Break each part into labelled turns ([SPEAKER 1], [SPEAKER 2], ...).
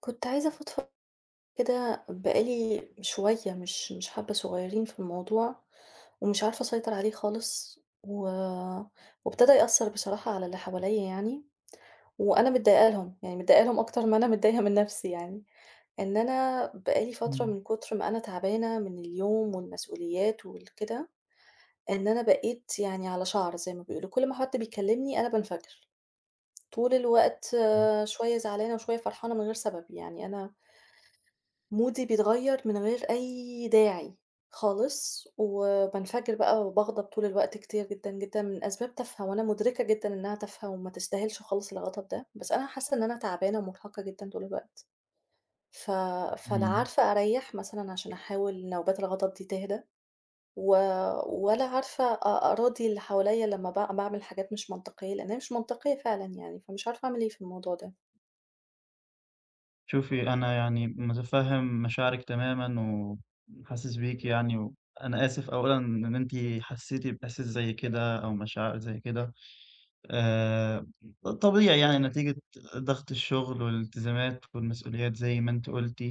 [SPEAKER 1] كنت عايزة أفضفض كده بقى لي شوية مش مش حبة صغيرين في الموضوع، ومش عارفة أسيطر عليه خالص، و وابتدأ يأثر بصراحة على اللي حواليّا يعني، وأنا متضايقة لهم يعني متضايقة لهم أكتر ما أنا متضايقة من نفسي يعني، إن أنا بقى لي فترة
[SPEAKER 2] إمم.
[SPEAKER 1] من كُتر ما أنا تعبانة من اليوم والمسؤوليات وال كده، إن أنا بقيت يعني على شعرة زي ما بيقولوا كل ما حد بيكلمني أنا بانفجر. طول الوقت
[SPEAKER 2] إمم.
[SPEAKER 1] شوية زعلانة وشوية فرحانة من غير سبب يعني أنا مودي بيتغيّر من غير أي داعي خالص، وبانفجر بقى وباغضب طول الوقت كتير جدًا جدًا من أسباب تافهة وأنا مدركة جدًا إنها تافهة وما تستاهلش خالص الغضب ده، بس أنا حاسة إن أنا تعبانة ومرهقة جدًا طول الوقت. ف فلا
[SPEAKER 2] إمم.
[SPEAKER 1] عارفة أريح مثلًا عشان أحاول نوبات الغضب دي تهدا، و ولا عارفة أ أراضي اللي حواليّا لما ب باعمل حاجات مش منطقية؛ لإن هي مش منطقية فعلًا يعني فمش عارفة أعمل إيه في الموضوع ده.
[SPEAKER 2] شوفي أنا يعني متفهم مشاعرِك تمامًا وحاسس بيكِ يعني، وأنا آسف أولًا إن أنتِ حسّيتِ بإحساس زي كده أو مشاعر زي كده، آآ طبيعي يعني نتيجة ضغط الشغل والالتزامات والمسؤوليات زي ما أنتِ قُلتِ،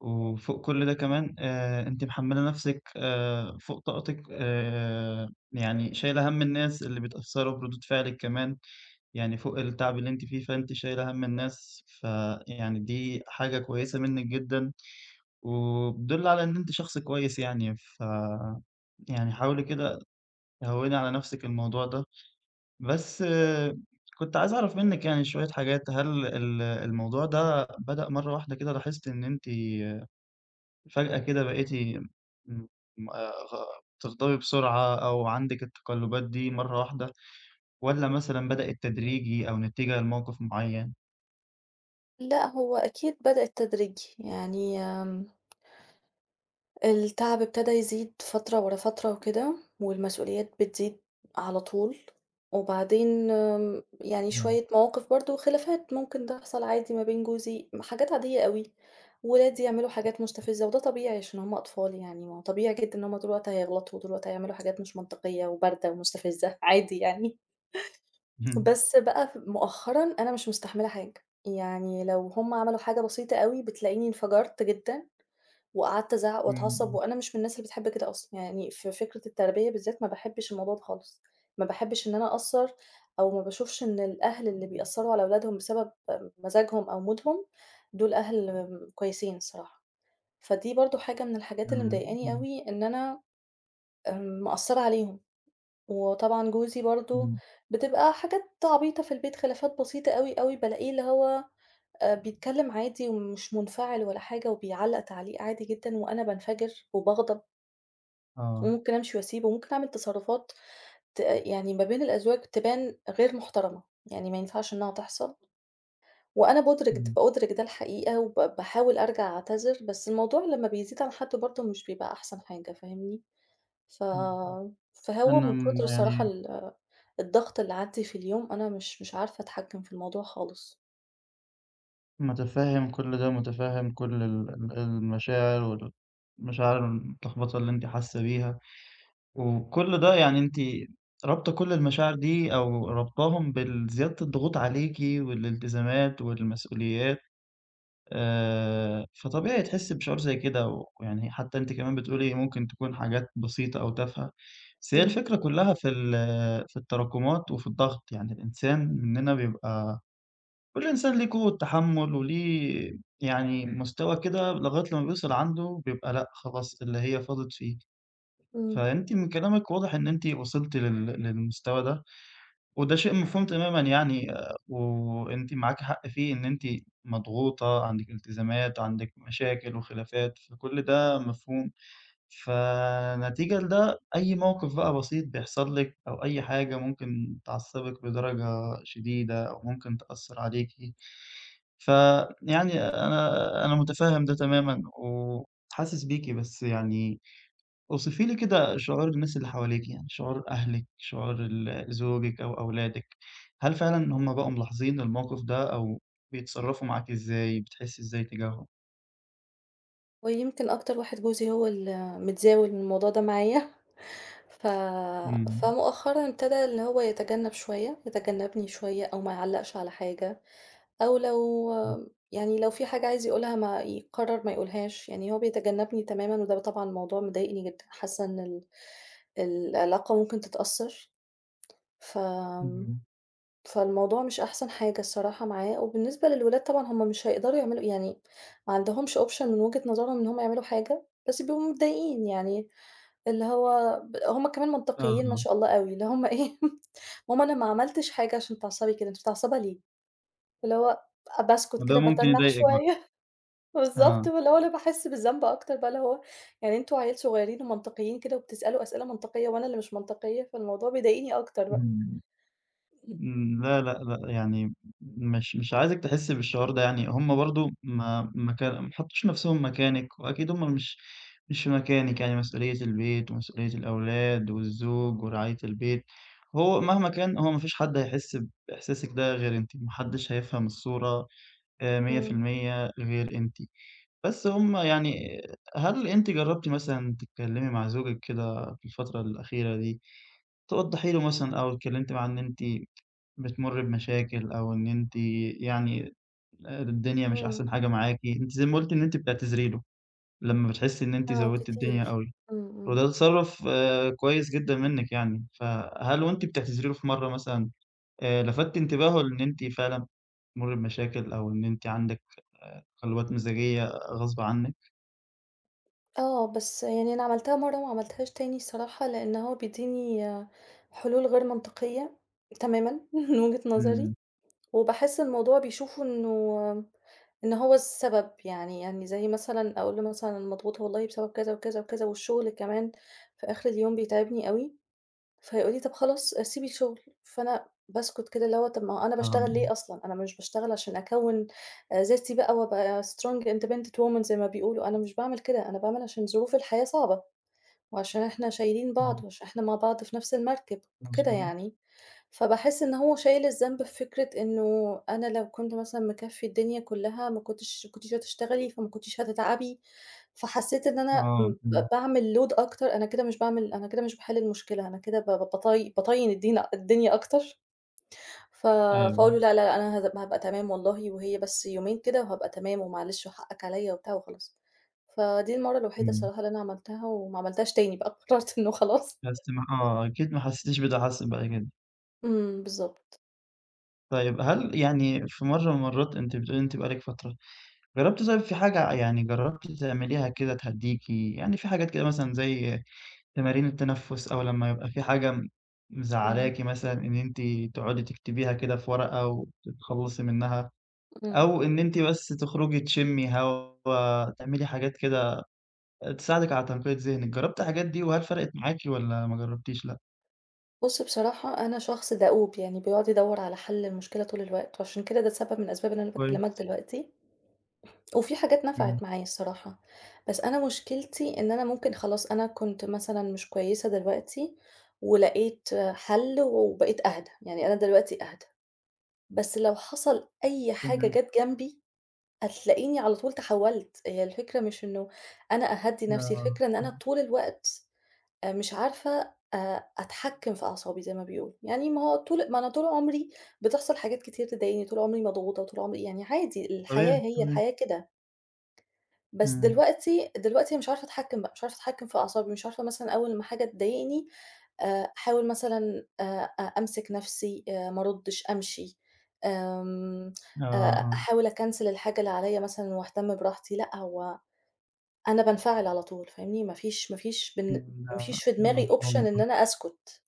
[SPEAKER 2] وفوق كل ده كمان آآ أنتِ محملة نفسِك آآ فوق طاقتِك آآ يعني شايلة هَم الناس اللي بيتأثروا بردود فعلِك كمان. يعني فوق التعب اللي أنتِ فيه فأنتِ شايلة هَم الناس ف يعني دي حاجة كويسة منك جدًا، وبتدل على إن أنتِ شخص كويس يعني ف يعني حاولي كده هوّني على نفسِك الموضوع ده، بس كنت عايز أعرف منِّك يعني شوية حاجات. هل ال الموضوع ده بدأ مرة واحدة كده لاحظتِ إن أنتِ فجأة كده بقيتِ م آآ تغضبي بسرعة أو عندِك التقلبات دي مرة واحدة والّا مثلًا بدئت تدريجي أو نتيجة لموقف معين؟
[SPEAKER 1] لا هو أكيد بدئت تدريجي، يعني آمم التعَب إبتدا يزيد فترة ورا فترة وكده والمسؤوليات بتزيد على طول، وبعدين آمم يعني
[SPEAKER 2] إمم.
[SPEAKER 1] شوية مواقِف برضه وخِلافات ممكن تحصَل عادي ما بين جوزي، م حاجات عادية أوي، ولادي يعملوا حاجات مستفِزّة وده طبيعي عشان هُم أطفال يعني، ما هو طبيعي جدًا إن هُم طُول الوقت هيغلَطوا وطُول الوقت هيعملوا حاجات مش منطقيّة وباردة ومستفِزّة عادي يعني.
[SPEAKER 2] اهم.
[SPEAKER 1] بس بقى ف مؤخرًا، أنا مش مستحملة حاجة، يعني لو هُم عملوا حاجة بسيطة أوي بتلاقيني انفجرت جدًا وقعَدت أزعّق
[SPEAKER 2] إمم،
[SPEAKER 1] وأتعصّب
[SPEAKER 2] إمم.
[SPEAKER 1] وأنا مش من الناس اللي بتحب كده أصلًا، يعني في فكرة التربية بالذات ما باحبّش الموضوع ده خالص، ما باحبّش إن أنا أأثّر أو ما باشوفش إن الأهل اللي بيأثّروا على أولادهم بسبب مزاجهم أو مودهم دول أهل كويسين الصراحة، فدي برضه حاجة من الحاجات اللي
[SPEAKER 2] إمم،
[SPEAKER 1] مضايقاني
[SPEAKER 2] إمم.
[SPEAKER 1] أوي إن أنا آمم، مأثّرة عليهم، وطبعًا جوزي برضه
[SPEAKER 2] إمم.
[SPEAKER 1] بتبقى حاجات عبيطة في البيت، خِلافات بسيطة أوي، أوي، بالاقيه اللي هو آآ بيتكلّم عادي ومش منفعِل ولا حاجة وبيعلّق تعليق عادي جدًا وأنا بانفجر وباغضب.
[SPEAKER 2] آه.
[SPEAKER 1] وممكن أمشي واسيبه وممكن أعمل تصرّفات ت يعني ما بين الأزواج تبان غير محترَمة، يعني ما ينفَعش إنها تحصَل وأنا بادرِك د
[SPEAKER 2] إمم.
[SPEAKER 1] بأُدرِك ده الحقيقة وب باحاول أرجَع أعتذِر بس الموضوع لمّا بيزيد عن حدُّه برضه مش بيبقى أحسَن حاجة فاهمني؟ ف
[SPEAKER 2] امم، امم،
[SPEAKER 1] فهو
[SPEAKER 2] أنا
[SPEAKER 1] من كُتر
[SPEAKER 2] م
[SPEAKER 1] الصراحة
[SPEAKER 2] يعني
[SPEAKER 1] ال الضغط اللي عندي في اليوم أنا مش مش عارفة أتحكِّم في الموضوع خالص.
[SPEAKER 2] متفهِّم كل ده، متفهِّم كل ال ال المشاعر والمشاعر المتلخبطة اللي أنتِ حاسّة بيها وكل ده يعني أنتِ رابطة كل المشاعر دي أو رابطاهم بالزيادة الضغوط عليكِ والالتزامات والمسؤوليات، آآ فطبيعي تحسّي بشعور زي كده ويعني حتى أنتِ كمان بتقول لي ممكن تكون حاجات بسيطة أو تافهة، بس هي
[SPEAKER 1] إمم.
[SPEAKER 2] الفكرة كلها في ال في التراكمات وفي الضغط، يعني الإنسان منّنا بيبقى، كل إنسان ليه قوة تحمُّل وليه يعني مستوى كده لغاية لما بيوصَل عنده بيبقى، لأ خلاص اللي هي فاضِت فيه
[SPEAKER 1] إمم.
[SPEAKER 2] فأنتِ من كلامِك واضح إن أنتِ وصلتِ لل للمستوى ده وده شيء مفهوم تمامًا يعني وأنتِ معاك حق فيه، إن أنتِ مضغوطة، عندِك التزامات وعندِك مشاكل وخلافات، فكل ده مفهوم، فنتيجة لده أي موقف بقى بسيط بيحصَل لِك أو أي حاجة ممكن تعصّبِك بدرجة شديدة أو ممكن تأثّر عليكِ ف يعني أنا أنا متفهِّم ده تمامًا وحاسس بيكِ، بس يعني اوصفي لي كده شعور الناس اللي حواليكِ، يعني شعور أهلِك، شعور ال زوجِك أو أولادِك، هل فعلًا هُم بقوا ملاحظين الموقِف ده أو بيتصرّفوا معاكِ إزاي؟ بتحسّي إزاي إتّجاهم؟
[SPEAKER 1] ويمكن أكتر واحد جوزي هو اللي متزاول من الموضوع ده معايا، ف
[SPEAKER 2] إمم.
[SPEAKER 1] فمؤخرًا ابتدا إن هو يتجنّب شوية، يتجنّبني شوية أو ما يعلّقش على حاجة، أو لو
[SPEAKER 2] إمم.
[SPEAKER 1] يعني لو في حاجة عايز يقولها ما يقرّر ما يقولهاش، يعني هو بيتجنّبني تمامًا وده طبعًا موضوع مضايقني جدًا، حاسّة إن ال العلاقة ممكن تتأثّر، ف
[SPEAKER 2] اهم.
[SPEAKER 1] فالموضوع مش أحسن حاجة الصراحة معايا وبالنسبة للولاد طبعًا هم مش هيقدروا يعملوا يعني ما عندهمش option من وجهة نظرهم إن هم يعملوا حاجة، بس بيبقوا متضايقين يعني اللي هو ب هم كمان منطقيين ما
[SPEAKER 2] أها.
[SPEAKER 1] شاء الله أوي اللي هم إيه، "ماما أنا ما عملتش حاجة عشان تتعصّبي كده، أنتِ متعصّبة ليه؟" اللي هو باسكت
[SPEAKER 2] ده
[SPEAKER 1] كده
[SPEAKER 2] ممكن
[SPEAKER 1] باتنّح
[SPEAKER 2] يضايقِك بقى.
[SPEAKER 1] شوية، بالضبط
[SPEAKER 2] آه.
[SPEAKER 1] واللي هو أنا باحس بالذنب أكتر بقى اللي هو يعني أنتم عيال صغيّرين ومنطقيين كده وبتسألوا أسئلة منطقية وأنا اللي مش منطقية، فالموضوع بيضايقني أكتر بقى.
[SPEAKER 2] إمم. إمم، لا، لأ، لأ، يعني م مش مش عايزِك تحسّي بالشعور ده يعني هم برضه ما ما كا ما حطّوش نَفْسهم مكانِك وأكيد هم مش مش مكانِك، يعني مسؤولية البيت ومسؤولية الأولاد والزوج ورعاية البيت، هو مهما كان هو ما فيش حد هيحس بإحساسِك ده غير أنتِ، ما حدّش هيفهم الصورة آآ مِيّة في
[SPEAKER 1] إمم.
[SPEAKER 2] المِيّة غير أنتِ. بس هم يعني هل أنتِ جرّبتِ مثلًا تتكلِّمي مع زوجِك كده في الفترة الأخيرة دي توضّحي له مثلًا أو اتكلِّمتِ معاه إن أنتِ بتمُرّي بمشاكل أو إن أنتِ يعني الدنيا مش
[SPEAKER 1] إمم.
[SPEAKER 2] أحسن حاجة معاكِ؟ أنتِ زي ما قُلتِ إن أنتِ بتعتذري له لمّا بتحسّي إن أنتِ
[SPEAKER 1] آه
[SPEAKER 2] زوّدتِ الدنيا
[SPEAKER 1] كتير،
[SPEAKER 2] أوي
[SPEAKER 1] إمم. إمم.
[SPEAKER 2] وده تصرُّف كويس جدًا منِّك يعني، فهل وأنتِ بتعتذري له في مرّة مثلًا آآ لفتتِ انتباهه لإن أنتِ فعلًا بتمُرّي بمشاكل أو إن أنتِ عندِك آآ تقلُّبات مزاجية غصب عنِّك؟
[SPEAKER 1] آه، بس يعني أنا عملتها مرّة وما عملتهاش تاني الصراحة، لأن هو بيدّيني حلول غير منطقية تمامًا من وِجهة نظري
[SPEAKER 2] إمم.
[SPEAKER 1] وباحس الموضوع بيشوفه إنه إن هو السبب، يعني يعني زي مثلًا أقوله له مثلًا: "أنا مضغوطة والله." بسبب كذا وكذا وكذا والشغل كمان في آخِر اليوم بيتعِبني أوي. فيقول لي: "طَب خلاص، سيبي الشغل." فأنا باسكُت كده اللي هو طَب ما هو أنا
[SPEAKER 2] آه، آه.
[SPEAKER 1] باشتغل ليه أصلًا؟ أنا مش باشتغل عشان أكوّن آآ ذاتي بقى وأبقى strong independent woman زي ما بيقولوا، أنا مش باعمل كده، أنا باعمل عشان ظروف الحياة صعبة، وعشان إحنا شايلين بعض
[SPEAKER 2] إمم.
[SPEAKER 1] وعشان إحنا مع بعض في نَفس المركِب وكده
[SPEAKER 2] مضبوط.
[SPEAKER 1] يعني، فباحس إن هو شايل الذنب في فكرة إنه أنا لو كنت مثلًا مكفّي الدنيا كلّها ما كنتش ما كنتيش هتشتغلي، فما كنتيش هتتعَبي، فحسّيت إن أنا م
[SPEAKER 2] آه، إمم.
[SPEAKER 1] ب باعمل load أكتر، أنا كده مش باعمل أنا كده مش باحِل المشكلة أنا كده ب ب بط بطيِّن الدينا الدنيا أكتر ف فأقول له:
[SPEAKER 2] أيوه.
[SPEAKER 1] "لا، لا، لأ، أنا هات هابقى تمام والله وهي بس يومين كده وهابقى تمام." ومعلش وحقّك عليَّ وبتاع وخلاص. فدي المرّة الوحيدة
[SPEAKER 2] إمم.
[SPEAKER 1] الصراحة اللي أنا عملتها وما عملتهاش تاني بقى، قرّرت إنّه خلاص.
[SPEAKER 2] بس ما آه أكيد ما حسّيتش بده حصل بعد كده.
[SPEAKER 1] إمم، بالضبط.
[SPEAKER 2] طيب، هل يعني في مرّة من المرّات أنتِ بتقولي إن أنتِ بقالِك فترة، جرّبتِ طيب في حاجة، يعني جرّبتِ تعمليها كده تهدّيكِ، يعني في حاجات كده مثلًا زي تمارين التنفُّس أو لمّا يبقى في حاجة
[SPEAKER 1] إمم.
[SPEAKER 2] مزعّلاكِ مثلًا إن أنتِ تقعُدي تكتبيها كده في ورقة وتتخلّصي منها،
[SPEAKER 1] إمم.
[SPEAKER 2] أو إن أنتِ بس تخرُجي تشمّي هوا، تعملي حاجات كده آآ تساعدِك على تنقية ذهنِك، جرّبتِ الحاجات دي وهل فرقِت معاكِ والّا ما جرّبتيش، لأ؟
[SPEAKER 1] بُصّ، بصراحة أنا شخص دؤوب، يعني بيقعُد يدوّر على حل المشكلة طول الوقت، وعشان كده ده سبب من أسباب اللي أنا باكلّمك
[SPEAKER 2] كويس.
[SPEAKER 1] دلوقتي، وفي حاجات
[SPEAKER 2] إمم.
[SPEAKER 1] نفِعِت معايا الصراحة، بس أنا مشكلتي إن أنا ممكن خلاص، أنا كنت مثلًا مش كويسة دلوقتي ولقيت حَل وبقيت أهدى، يعني أنا دلوقتي أهدى. بس لو حصَل أي حاجة
[SPEAKER 2] تمام.
[SPEAKER 1] جات جنبي هتلاقيني على طول تحوّلت. هي الفكرة مش إنه أنا أهدّي نفسي،
[SPEAKER 2] آه،
[SPEAKER 1] الفكرة إن أنا
[SPEAKER 2] إمم.
[SPEAKER 1] طول الوقت آآ مش عارفة أ أتحكّم في أعصابي زي ما بيقولوا، يعني ما هو طُول ما أنا طُول عُمري بتحصَل حاجات كتير تضايقني، طول عمري مضغوطة وطول عمري يعني عادي الحياة،
[SPEAKER 2] تمام،
[SPEAKER 1] هي
[SPEAKER 2] تمام.
[SPEAKER 1] الحياة كده. بس
[SPEAKER 2] إمم.
[SPEAKER 1] دلوقتي، دلوقتي مش عارفة أتحكم بقى مش عارفة أتحكّم في أعصابي مش عارفة مثلًا أول ما حاجة تضايقني آآ أحاول مثلًا آآ أ أمسك نَفسي، آآ ما أردِّش، أمشي، آمم
[SPEAKER 2] آه،
[SPEAKER 1] آآ
[SPEAKER 2] آه.
[SPEAKER 1] أحاول أكنسل الحاجة اللي عليَّ مثلًا وأهتم براحتي، لأ هو أنا بانفعل على طول فاهمني؟ ما فيش ما فيش بالن
[SPEAKER 2] إمم،
[SPEAKER 1] ما
[SPEAKER 2] ما
[SPEAKER 1] فيش في
[SPEAKER 2] ما
[SPEAKER 1] دماغي
[SPEAKER 2] شاء
[SPEAKER 1] option إن
[SPEAKER 2] الله.
[SPEAKER 1] أنا أسكُت.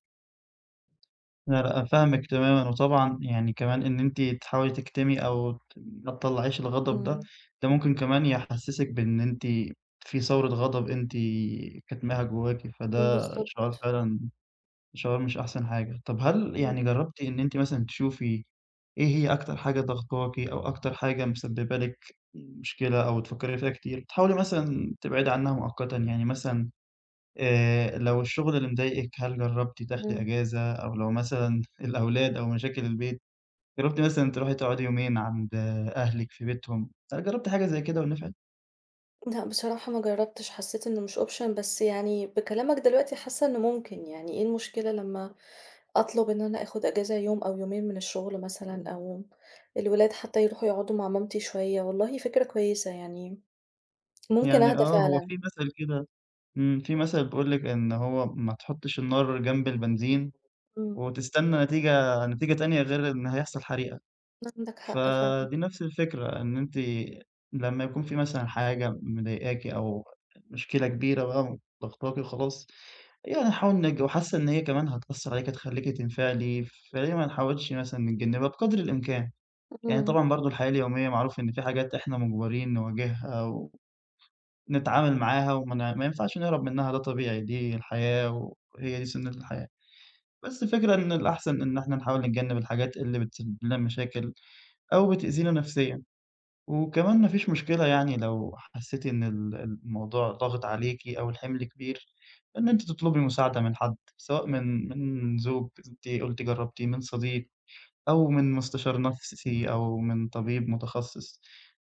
[SPEAKER 2] لا لأ أنا فاهمِك تمامًا وطبعًا يعني كمان إن أنتِ تحاولي تكتمي أو ت ما تطلّعيش الغضب ده،
[SPEAKER 1] إمم.
[SPEAKER 2] ده ممكن كمان يحسسِك بإن أنتِ في ثورة غضب أنتِ كتماها جواكِ
[SPEAKER 1] امم،
[SPEAKER 2] فده شعور
[SPEAKER 1] بالضبط.
[SPEAKER 2] فعلًا شعور مش أحسن حاجة، طَب هل يعني
[SPEAKER 1] إمم.
[SPEAKER 2] جرّبتِ إن أنتِ مثلًا تشوفي إيه هي أكتر حاجة ضغطاكِ أو أكتر حاجة مسبب لِك مشكلة أو بتفكري فيها كتير، تحاولي مثلًا تبعدي عنها مؤقتًا يعني مثلًا، آآ لو الشغل اللي مضايقِك هل جرّبتِ تاخدي
[SPEAKER 1] إمم.
[SPEAKER 2] إجازة، أو لو مثلًا الأولاد أو مشاكل البيت، جرّبتِ مثلًا تروحي تقعدي يومين عند أهلِك في بيتهم هل جرّبتِ حاجة زي كده ونفعت؟
[SPEAKER 1] لأ بصراحة ما جربتش حسيت إنه مش option بس يعني بكلامك دلوقتي، حاسة إنه ممكن يعني إيه المشكلة لمّا أطلب إن أنا آخد إجازة يوم أو يومين من الشغل مثلًا، أو الولاد حتى يروحوا يقعدوا مع مامتي شوية والله فكرة كويسة يعني. ممكن
[SPEAKER 2] يعني
[SPEAKER 1] أهدى
[SPEAKER 2] آه هو
[SPEAKER 1] فعلًا.
[SPEAKER 2] في مثل كده إمم في مثل بيقول لِك إن هو ما تحطش النار جنب البنزين
[SPEAKER 1] إمم.
[SPEAKER 2] وتستنى نتيجة نتيجة تانية غير إن هيحصل حريقة.
[SPEAKER 1] عندك
[SPEAKER 2] ف
[SPEAKER 1] حق فعلًا.
[SPEAKER 2] دي نفس الفكرة إن أنتِ لمّا يكون في مثلًا حاجة مضايقاكِ أو مشكلة كبيرة بقى وضغطاكِ وخلاص، يعني نحاول نج وحاسة إن هي كمان هتأثر عليكِ هتخلّيكِ تنفعلي فليه ما نحاولش مثلًا نتجنبها بقدر الإمكان، يعني
[SPEAKER 1] إمم.
[SPEAKER 2] طبعًا برضه الحياة اليومية معروف إن في حاجات إحنا مجبرين نواجهها و نتعامل معاها وما ما ينفعش نهرب منها ده طبيعي دي الحياة وهي دي سُنة الحياة، بس الفكرة إن الأحسن إن إحنا نحاول نتجنب الحاجات اللي بتسبب لنا مشاكل أو بتأذينا نفسيًا، وكمان ما فيش
[SPEAKER 1] بالضبط.
[SPEAKER 2] مشكلة يعني لو حسيتِ إن ال الموضوع ضاغط عليكِ أو الحِمل كبير إن أنتِ تطلبي مساعدة من حد، سواء من من زوج أنتِ قلتِ جرّبتِه من صديق أو من مستشار نفسي أو من طبيب متخصص،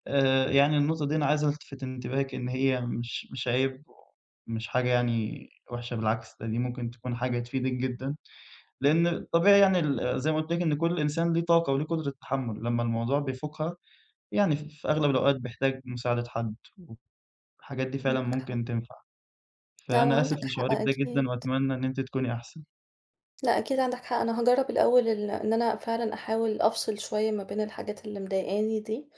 [SPEAKER 2] آآ يعني النقطة دي أنا عايز ألتفت انتباهِك إن هي مش مش عيب ومش حاجة يعني وحشة بالعكس ده دي ممكن تكون حاجة تفيدِك جدًا، لأن الطبيعي يعني ال زي ما قُلت لِك إن كل إنسان له طاقة وليه قدرة تحمل لمّا الموضوع بيفوقها يعني ف في أغلب الأوقات بيحتاج مساعدة حد، والحاجات دي فعلًا
[SPEAKER 1] عندك حق.
[SPEAKER 2] ممكن تنفع.
[SPEAKER 1] لا ما هو
[SPEAKER 2] فأنا
[SPEAKER 1] عندك
[SPEAKER 2] آسف
[SPEAKER 1] حق
[SPEAKER 2] لشعورِك ده
[SPEAKER 1] أكيد.
[SPEAKER 2] جدًا وأتمنى إن أنتِ تكوني أحسن.
[SPEAKER 1] لأ أكيد عندك حق، أنا هاجرب الأول ال إن أنا فعلًا أحاول أفصل شوية ما بين الحاجات اللي مضايقاني دي،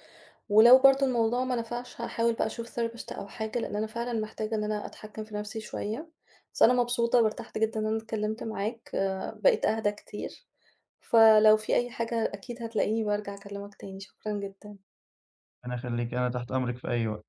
[SPEAKER 1] ولو برضه الموضوع ما نفعش هاحاول بقى أشوف therapist أو حاجة لأن أنا فعلًا محتاجة إن أنا أتحكم في نفسي شوية، بس أنا مبسوطة وارتحت جدًا إن أنا اتكلمت معاك آآ بقيت أهدى كتير، فلو في أي حاجة أكيد هتلاقيني بارجع أكلمك تاني شكرًا جدًا.
[SPEAKER 2] ربنا يخلّيكِ أنا تحت أمرِك في أي وقت.